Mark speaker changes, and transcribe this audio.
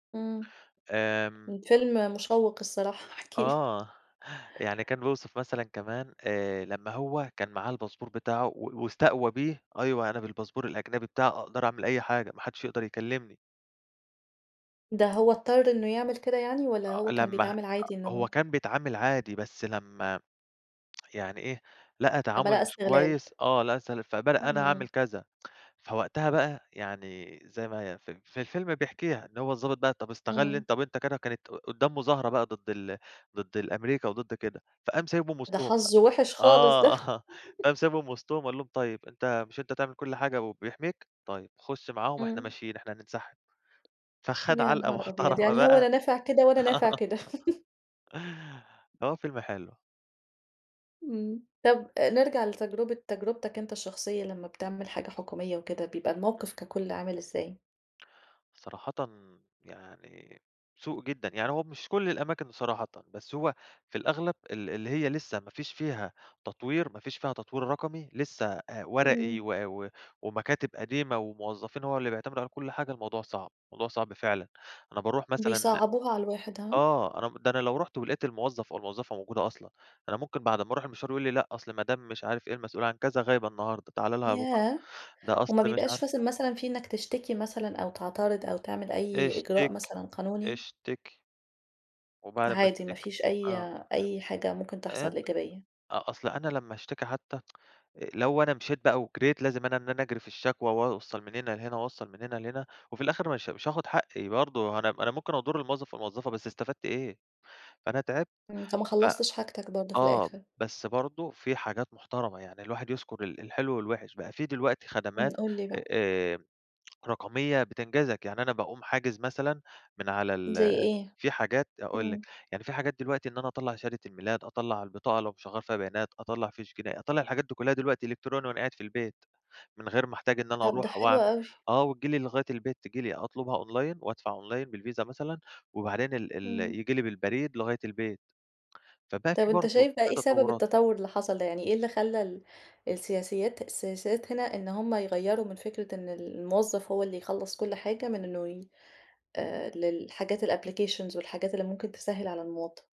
Speaker 1: إمم،
Speaker 2: آمم
Speaker 1: الفيلم مشوّق الصراحة، احكِ لي
Speaker 2: آه، يعني كان بيوصف مثلًا كمان آآ لمّا هو كان معاه الباسبور بتاعه، و واستقوى بيه، أيوه، أنا بالباسبور الأجنبي بتاعي أقدر أعمل أي حاجة، ما حدّش يقدر يكلّمني.
Speaker 1: ده هو اضطر إنه يعمل كده يعني؟ والّا
Speaker 2: أ
Speaker 1: هو كان
Speaker 2: لمّا أ
Speaker 1: بيتعامل عادي
Speaker 2: هو
Speaker 1: إنه
Speaker 2: كان بيتعامل عادي، بس لمّا يعني إيه، لقى
Speaker 1: لمّا لقى
Speaker 2: تعامل مش
Speaker 1: استغلال.
Speaker 2: كويس آه، لقى استغلال فبدأ أنا هاعمل
Speaker 1: إمم.
Speaker 2: كذا. فوقتها بَقى، يعني زي ما هي ف في الفيلم بيحكيها، إن هو الضابط بَقى، طَب استغل
Speaker 1: إمم.
Speaker 2: أنت طَب أنت كده كانت قُدّام مظاهرة بَقى ضد ال ضد ال أمريكا وضد كده. فقام سايبهم
Speaker 1: ده
Speaker 2: وسطهم بَقى
Speaker 1: حظه وِحِش خالص، ده
Speaker 2: آه، قام سايبهم وسطهم وقال لهم طيب أنت مش أنت تعمل كل حاجة وبيحميك؟ طيّب خُش معاهم، إحنا
Speaker 1: إمم.
Speaker 2: ماشيين، إحنا هننسحب. فخَد
Speaker 1: يا
Speaker 2: علقة
Speaker 1: نهار أبيض!
Speaker 2: محترمة
Speaker 1: يعني هو
Speaker 2: بَقى.
Speaker 1: لا نافع كده
Speaker 2: آه
Speaker 1: ولا نافع كده.
Speaker 2: هو فيلم حلو.
Speaker 1: إمم. طَب آآ نِرجَع لتجربة تجربتك أنت الشخصية لمّا بتعمل حاجة حكومية وكده، بيبقى
Speaker 2: امم.
Speaker 1: الموقف ككل عامل ازاي؟
Speaker 2: صراحةً يعني سوء جدًا، يعني هو مش كل الأماكن صراحةً، بس هو في الأغلب ال اللي هي لسه ما فيش فيها تطوير، ما فيش فيها تطوير رقمي، لسه آآ ورقي
Speaker 1: إمم.
Speaker 2: و و ومكاتب قديمة وموظفين، هو اللي بيعتمد عليهم كل حاجة، الموضوع صعب، الموضوع صعب فعلًا. أنا باروح مثلًا ل
Speaker 1: بيصعبوها على الواحد، ها؟
Speaker 2: آه، ده أنا م ده أنا لو رُحت ولقيت الموظف أو الموظفة موجودة أصلًا، أنا ممكن بعد ما أروح المشوار يقول لي لأ، أصل مدام مش عارف إيه المسئولة عن كذا غايبة النهارده، تعالَ لها بُكره،
Speaker 1: ياه!
Speaker 2: ده أصل
Speaker 1: وما
Speaker 2: مش
Speaker 1: بيبقاش
Speaker 2: عارف
Speaker 1: فثل مثلًا في إنّك تشتكي مثلًا، أو تعترض، أو تعمل أي إجراء
Speaker 2: اشتكي،
Speaker 1: مثلًا قانوني؟
Speaker 2: اشتكي. وبعد أمّا
Speaker 1: عادي ما
Speaker 2: تشتكي؟
Speaker 1: فيش أي
Speaker 2: آه.
Speaker 1: أي حاجة ممكن تحصل
Speaker 2: [unintelligible]
Speaker 1: إيجابية.
Speaker 2: آه أصل أنا لمّا أشتكي حتى، لو أنا مشيت بَقى وجريت، لازم أنا إن أنا أجري في الشكوى، وأوصل من هنا لهنا، وأوصل من هنا لهنا، وفي الآخر مش مش هاخد حقي برضه، أنا أنا ممكن أضُرّ الموظف أو الموظفة، بس إستفدت إيه؟ فأنا تعبت،
Speaker 1: امم. فما
Speaker 2: ف
Speaker 1: خلّصتش حاجتك برضه في
Speaker 2: آه،
Speaker 1: الآخر.
Speaker 2: بس برضه في حاجات محترمة، يعني الواحد يذكر ال الحلو والوحش. بَقى في دلوقتي
Speaker 1: إمم،
Speaker 2: خدمات
Speaker 1: قُل لي بَقى.
Speaker 2: آآ رقمية بتنجزك، يعني أنا باقوم حاجز مثلًا من على
Speaker 1: زي
Speaker 2: ال
Speaker 1: إيه؟
Speaker 2: في حاجات أقول
Speaker 1: إمم.
Speaker 2: لِك، يعني في حاجات دلوقتي إن أنا أطلَّع شهادة الميلاد، أطلَّع البطاقة لو مش هاغيَّر فيها بيانات، أطلَّع فيش جنائي، أطلَّع الحاجات دي كلها دلوقتي إلكتروني وأنا قاعد في البيت، من غير ما أحتاج إن أنا
Speaker 1: طَب، ده
Speaker 2: أروح
Speaker 1: حلو
Speaker 2: وأعمل
Speaker 1: أوي.
Speaker 2: آه، وتيجي لي لغاية البيت، تيجي لي أطلبها online وأدفع online بالvisa مثلًا، وبعدين ال ال
Speaker 1: إمم.
Speaker 2: ييجي لي بالبريد لغاية البيت. فبَقى في
Speaker 1: طَب أنت
Speaker 2: برضه
Speaker 1: شايف بَقى
Speaker 2: في
Speaker 1: إيه سبب
Speaker 2: تطورات.
Speaker 1: التطور اللي حصل ده؟ يعني إيه اللي خلّى ال السياسيات السياسات هنا إن هُم يغيّروا من فكرة إن ال الموظف هو اللي يخلّص كل حاجة من إنه ي آآ للحاجات الapplications والحاجات اللي ممكن تسهِّل على المواطن؟